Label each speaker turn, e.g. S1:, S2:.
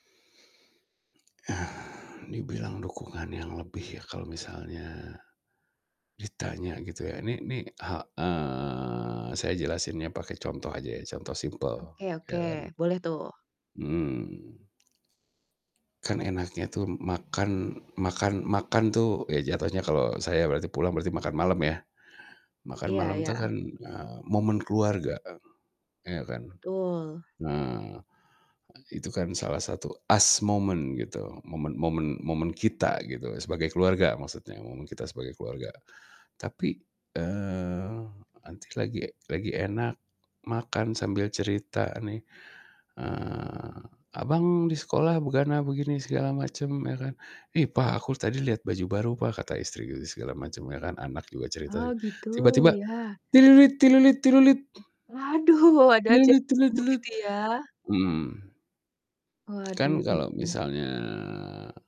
S1: Ah. Dibilang dukungan yang lebih ya kalau misalnya, ditanya gitu ya. Nih nih ha eee, saya jelasinnya pakai contoh aja ya, contoh simpel,
S2: Oke oke,
S1: ya kan.
S2: boleh tuh.
S1: Mhm. Kan enaknya tuh makan makan makan tuh ya jatohnya kalau saya berarti pulang berarti makan malem ya, makan
S2: Iya
S1: malem itu kan,
S2: iya.
S1: eee, momen keluarga, em ya kan?
S2: Betul.
S1: Nah, itu kan salah satu "us moment" gitu. Momen momen momen kita gitu, sebagai keluarga maksudnya, momen kita sebagai keluarga. Tapi, eee, nanti lagi lagi enak makan sambil cerita nih, eee, "Abang di sekolah begana begini segala macem," ya kan. "Ih, Pah aku tadi liat baju baru, Pah," kata istri gitu segala macem, ya kan anak juga cerita,
S2: Oh gitu,
S1: tiba-tiba.
S2: iya. Waduh, ada aja ganggu gitu
S1: Mhm.
S2: ya.
S1: Kan kalau
S2: Waduh.
S1: misalnya